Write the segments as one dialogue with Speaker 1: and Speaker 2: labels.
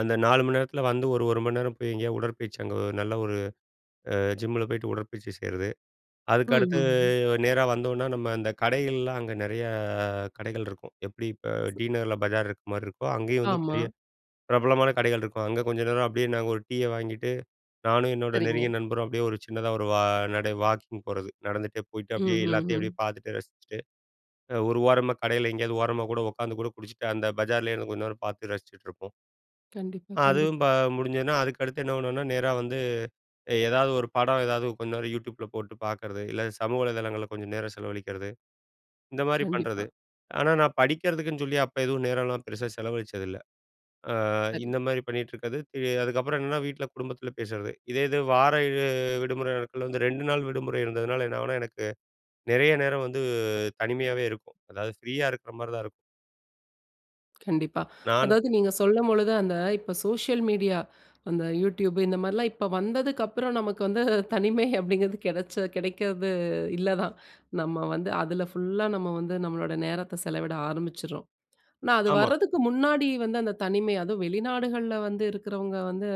Speaker 1: அந்த 4 மணி நேரத்தில வந்து ஒரு, 1 மணி நேரம் போய் எங்கேயாவது உடற்பயிற்சி அங்க நல்ல ஒரு, அ ஜிம்மில்ல போய்ட்டு உடற்பயிற்சி செய்றது. அதுக்க அடுத்து
Speaker 2: ம்ஹ்ஹும்.
Speaker 1: நேரா வந்தோனா நம்ம அந்த கடைகள்லாம் அங்க நெறைய கடைகள் இருக்கும். எப்படி இப்ப டி நகர்ல பஜார் இருக்கிற மாதிரி இருக்கோ, அங்கேயும் வந்து
Speaker 2: ஆமா.
Speaker 1: பெரிய பிரபலமான கடைகள் இருக்கும். அங்க கொஞ்சம் நேரம் அப்படியே நாங்க ஒரு டீயை வாங்கிகிட்டு நானும் என்னோட
Speaker 2: சரிங்க.
Speaker 1: நெருங்கிய நண்பரும் அப்படியே ஒரு சின்னதா ஒரு வா நடை வாக்கிங் போறது நடந்துகிட்டே போயிட்டு அப்படியே எல்லாத்தையும்
Speaker 2: ம்ஹ்ஹும்.
Speaker 1: அப்படியே பாத்துட்டு ரசிச்சிட்டு ஒரு ஓரமாக கடையில் எங்கேயாவது ஓரமா கூட உட்காந்து கூட குடிச்சிட்டு அந்த பஜாரிலேயே இருந்து கொஞ்ச நேரம் பார்த்து ரசிச்சிட்டுருப்போம்.
Speaker 2: கண்டிப்பா,
Speaker 1: அதுவும்
Speaker 2: கண்டிப்பா.
Speaker 1: ப முடிஞ்சதுனா அதுக்கு அடுத்து என்ன பண்ணுவோம்னா நேரா வந்து, ஏதாவது ஒரு படம் ஏதாவது கொஞ்ச நேரம் Yotubeல போட்டு பாக்கிறது, இல்ல சமூக வலைதளங்களில் கொஞ்சம் நேரம் செலவழிக்கிறது, இந்த மாதிரி பண்ணுறது.
Speaker 2: கண்டிப்பா.
Speaker 1: ஆனா, நான் படிக்கிறதுக்குன்னு சொல்லி அப்போ எதுவும் நேரம்லாம் பெருசா செலவழிச்சது இல்ல. அ
Speaker 2: சரி.
Speaker 1: இந்த மாதிரி பண்ணிகிட்டு இருக்கிறது. அதுக்கப்புறம் என்னன்னா வீட்ல குடும்பத்தில பேசுறது. இதே இது வார விடுமுறை நாட்களில் வந்து 2 நாள் விடுமுறை இருந்ததுனால என்ன ஆகும்னா, எனக்கு நெறைய நேரம் வந்து தனிமையாவே இருக்கும். அதாவது ஃப்ரீயா இருக்குற மாதிரி தான் இருக்கும்.
Speaker 2: கண்டிப்பா.
Speaker 1: நானும்
Speaker 2: அதாவது நீங்க சொல்லும்பொழுது அந்த இப்போ சோசியல் மீடியா, அந்த Youtube இந்த மாரிலாம் இப்போ வந்ததுக்கு அப்புறம் நமக்கு வந்து தனிமை அப்படிங்கிறது கிடச்ச, கெடைக்கிறது இல்ல தான். நம்ம வந்து அதுல ஃபுல்லா நம்ம வந்து நம்மளோட நேரத்தை செலவிட ஆரம்பிச்சிடுறோம். ஆனா, அது
Speaker 1: ஆமா.
Speaker 2: வரதுக்கு முன்னாடி வந்து அந்த தனிமை அதுவும் வெளிநாடுகள்ல வந்து இருக்குறவங்க, வந்து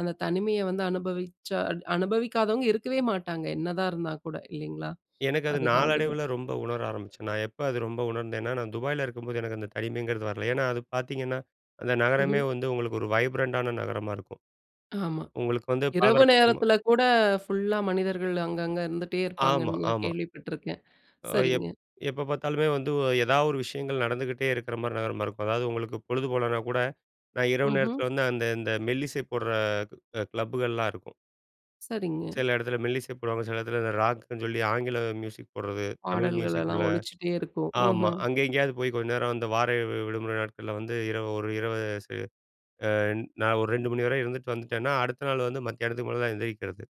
Speaker 2: அந்த தனிமையை வந்து அனுபவிச்சா, அனுபவிக்காதவங்க இருக்கவே மாட்டாங்க. என்னதா இருந்தா கூட இல்லைங்களா?
Speaker 1: எனக்கு அது
Speaker 2: அதுதான் அதுதான்.
Speaker 1: நாளடைவில ரொம்ப உணர ஆரமிச்சேன். நான் எப்ப அது ரொம்ப உணர்ந்தேன்னா நான் துபாயில் இருக்கும்போது எனக்கு அந்த தனிமைங்கிறது வரல. ஏன்னா அது பாத்தீங்கன்னா, அந்த நகரமே
Speaker 2: ம்ஹ்ம்.
Speaker 1: வந்து உங்களுக்கு ஒரு வைப்ரண்டான நகரமா இருக்கும்.
Speaker 2: ஆமா.
Speaker 1: உங்களுக்கு வந்து
Speaker 2: இரவு
Speaker 1: பலதரப்பட்ட, ம
Speaker 2: நேரத்தில கூட ஃபுல்லா மனிதர்கள் அங்க, அங்க இருந்துட்டே
Speaker 1: ஆமா,
Speaker 2: இருப்பாங்கன்லாம்
Speaker 1: ஆமா.
Speaker 2: கேள்விப்பட்டுருக்கேன்.
Speaker 1: அ
Speaker 2: சரிங்க.
Speaker 1: எப், எப்போ பாத்தாலுமே வந்து ஏதாவது ஒரு விஷயங்கள் நடந்துகிட்டே இருக்கிற மாதிரி நகரமா இருக்கும். அதாவது உங்களுக்கு பொழுது போலனா கூட நான் இரவு
Speaker 2: ம்ஹ்ம்.
Speaker 1: நேரத்தில வந்து அந்த இந்த மெல்லிசை போடுற கிளப்புகள்லாம் இருக்கும்.
Speaker 2: சரிங்க.
Speaker 1: சில இடத்துல மெல்லிசை போடுவாங்க. சில இடத்துல இந்த ராக்குன்னு சொல்லி ஆங்கில மியூசிக் போடுறது தமிழ்
Speaker 2: பாடல்கள்
Speaker 1: மியூசிக்
Speaker 2: எல்லாம்
Speaker 1: உள்ள
Speaker 2: ஒலிச்சிட்டே இருக்கும்.
Speaker 1: ஆமா,
Speaker 2: ம்ஹ்ம்.
Speaker 1: அங்கே எங்கேயாவது போய் கொஞ்ச நேரம் வந்து, வார விடுமுறை நாட்களில் வந்து இரவு 1 இரவு ச அ நான் ஒரு 2:00 மணி வரை இருந்துட்டு வந்துட்டேனா, அடுத்த நாள் வந்து மத்தியானத்துக்கு மேல தான் எந்திரிக்கிறது.